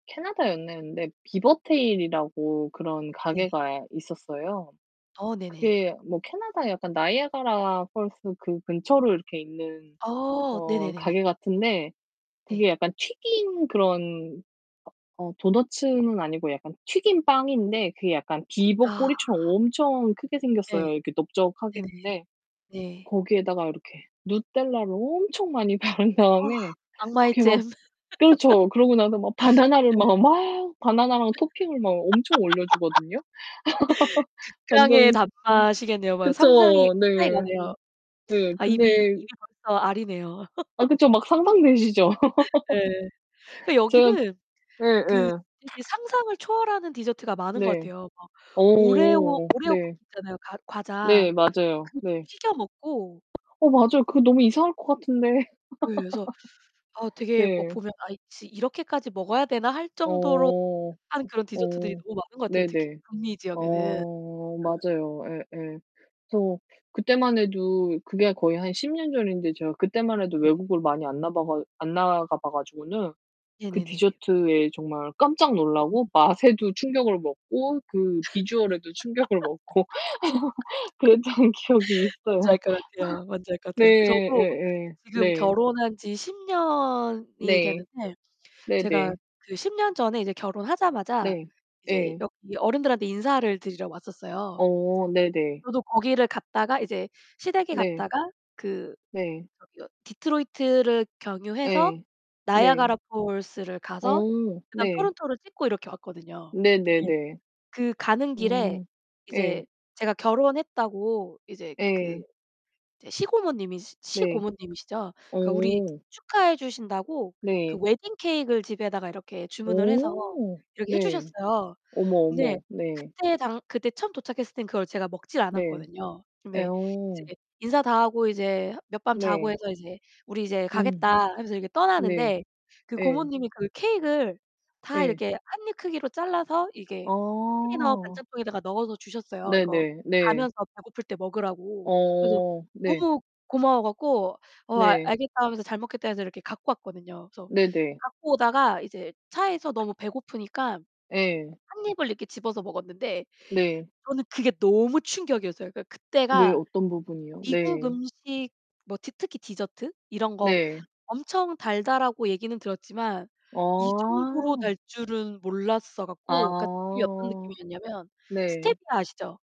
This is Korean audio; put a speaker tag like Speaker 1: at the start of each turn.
Speaker 1: 캐나다 였는데 BeaverTails이라고 그런
Speaker 2: 네.
Speaker 1: 가게가 있었어요.
Speaker 2: 어 네네.
Speaker 1: 그게 뭐 캐나다에 약간 나이아가라 펄스 그 근처로 이렇게 있는
Speaker 2: 어.
Speaker 1: 어
Speaker 2: 네네네네.
Speaker 1: 가게 같은데
Speaker 2: 네.
Speaker 1: 그게 약간 튀긴 그런 어 도너츠는 아니고 약간 튀긴 빵인데 그게 약간 비버
Speaker 2: 아.
Speaker 1: 꼬리처럼 엄청 크게
Speaker 2: 네.
Speaker 1: 생겼어요. 이렇게 넓적하게
Speaker 2: 네네네.
Speaker 1: 근데
Speaker 2: 네.
Speaker 1: 거기에다가 이렇게 누텔라를 엄청 많이 바른
Speaker 2: 아.
Speaker 1: 다음에
Speaker 2: 악마의
Speaker 1: 그렇게 막
Speaker 2: 잼.
Speaker 1: 그렇죠. 그러고 나서 막 바나나를
Speaker 2: 네.
Speaker 1: 막, 막 바나나랑 토핑을 막 엄청 올려 주거든요.
Speaker 2: 극강의
Speaker 1: 완전
Speaker 2: 단맛이겠네요. 성상이
Speaker 1: 그쵸,
Speaker 2: 상상이
Speaker 1: 네.
Speaker 2: 가네요.
Speaker 1: 네.
Speaker 2: 아 입이 입이
Speaker 1: 근데
Speaker 2: 벌써 아리네요.
Speaker 1: 아 그쵸. 막 상상되시죠?
Speaker 2: 네. 그
Speaker 1: 제가
Speaker 2: 여기는 그
Speaker 1: 예예.
Speaker 2: 이게 상상을 초월하는 디저트가 많은 것
Speaker 1: 네.
Speaker 2: 같아요. 막 오레오
Speaker 1: 어.
Speaker 2: 오레오 쿠키
Speaker 1: 네.
Speaker 2: 있잖아요, 과 과자.
Speaker 1: 네 맞아요.
Speaker 2: 그것도
Speaker 1: 네.
Speaker 2: 튀겨 먹고
Speaker 1: 어 맞아요. 그거 너무 이상할 것 같은데.
Speaker 2: 예 그래서 어 되게 어
Speaker 1: 네.
Speaker 2: 보면 아이 지 '이렇게까지 먹어야 되나.' 할 정도로
Speaker 1: 어.
Speaker 2: [unintelligible] 한 그런 디저트들이
Speaker 1: 어.
Speaker 2: 너무 많은 것 같아요, 특히
Speaker 1: 네네.
Speaker 2: 북미 지역에는.
Speaker 1: 어.
Speaker 2: 예.
Speaker 1: 맞아요. 예예. 그래서 그때만 해도 그게 거의 한 10 년 전인데 제가 그때만 해도
Speaker 2: 음.
Speaker 1: 외국을 많이 안 나바가 안 나가 봐 가지고는 그
Speaker 2: 네네네.
Speaker 1: 디저트에 정말 깜짝
Speaker 2: 음.
Speaker 1: 놀라고 맛에도 충격을 먹고 그 비주얼에도 충격을 먹고 그랬던 기억이
Speaker 2: 뭔지
Speaker 1: 있어요.
Speaker 2: 알 것 같아요, 뭔지 알 것
Speaker 1: 네.
Speaker 2: 같아요. 저도
Speaker 1: 예예.
Speaker 2: 지금
Speaker 1: 네
Speaker 2: 결혼한 지 10 년이
Speaker 1: 네.
Speaker 2: 되는데 제가
Speaker 1: 네네.
Speaker 2: 그 10 년 전에 이제 결혼하자마자
Speaker 1: 네.
Speaker 2: 이제
Speaker 1: 예.
Speaker 2: 여기 어른들한테 인사를 드리러 왔었어요.
Speaker 1: 어 네네.
Speaker 2: 저도 거기를 갔다가 이제 시댁에
Speaker 1: 네.
Speaker 2: 갔다가 그
Speaker 1: 네.
Speaker 2: 저기 어 디트로이트를 경유해서
Speaker 1: 예. 네.
Speaker 2: 나이아가라 폴스를 가서
Speaker 1: 어.
Speaker 2: 그다음
Speaker 1: 네.
Speaker 2: 토론토를 찍고 이렇게 왔거든요. 근데
Speaker 1: 네네네.
Speaker 2: 그 가는 길에
Speaker 1: 음.
Speaker 2: 이제
Speaker 1: 예.
Speaker 2: 제가 결혼했다고 이제 그
Speaker 1: 예.
Speaker 2: 이제 시고모님이
Speaker 1: 네.
Speaker 2: 시고모님이시죠?
Speaker 1: 어.
Speaker 2: 그 우리 축하해 주신다고 그
Speaker 1: 네.
Speaker 2: 웨딩 케이크을 집에다가 이렇게 주문을 해서
Speaker 1: 어
Speaker 2: 이렇게 해
Speaker 1: 네.
Speaker 2: 주셨어요.
Speaker 1: 어머,
Speaker 2: 근데
Speaker 1: 어머. 네.
Speaker 2: 그때 당 그때 처음 도착했을 때 그걸 제가 먹질
Speaker 1: 네.
Speaker 2: 않았거든요.
Speaker 1: 예
Speaker 2: 근데
Speaker 1: 어.
Speaker 2: 이제 인사 다 하고 이제 몇 밤 자고
Speaker 1: 네.
Speaker 2: 해서 이제 "우리 이제
Speaker 1: 음.
Speaker 2: 가겠다." 하면서 이렇게
Speaker 1: 네.
Speaker 2: 떠나는데 그
Speaker 1: 예.
Speaker 2: 고모님이 그 케이크을 다
Speaker 1: 예.
Speaker 2: 이렇게 1 입 크기로 잘라서 이게 컨테이너
Speaker 1: 아.
Speaker 2: 반찬통에다가 넣어서 주셨어요, 이거
Speaker 1: 네네. 네.
Speaker 2: 가면서 배고플 때 먹으라고. 그래서
Speaker 1: 어. 네.
Speaker 2: 너무 고마워 갖고 "어, 아
Speaker 1: 네.
Speaker 2: 알겠다." 하면서 "잘 먹겠다." 해서 이렇게 갖고 왔거든요. 그래서
Speaker 1: 네네.
Speaker 2: 갖고 오다가 이제 차에서 너무 배고프니까
Speaker 1: 예.
Speaker 2: 1 입을 이렇게 집어서 먹었는데
Speaker 1: 네.
Speaker 2: 저는 그게 너무 충격이었어요. 그니까
Speaker 1: 왜요,
Speaker 2: 그때가
Speaker 1: 어떤 부분이요?
Speaker 2: "미국
Speaker 1: 네.
Speaker 2: 음식 뭐 디 특히 디저트 이런 거
Speaker 1: 네.
Speaker 2: 엄청 달다."라고 얘기는 들었지만 이 정도로
Speaker 1: 어.
Speaker 2: 달 줄은 몰랐어 갖고 그니까 이게 어떤
Speaker 1: 아.
Speaker 2: 느낌이었냐면
Speaker 1: 네.
Speaker 2: 스테비아 아시죠?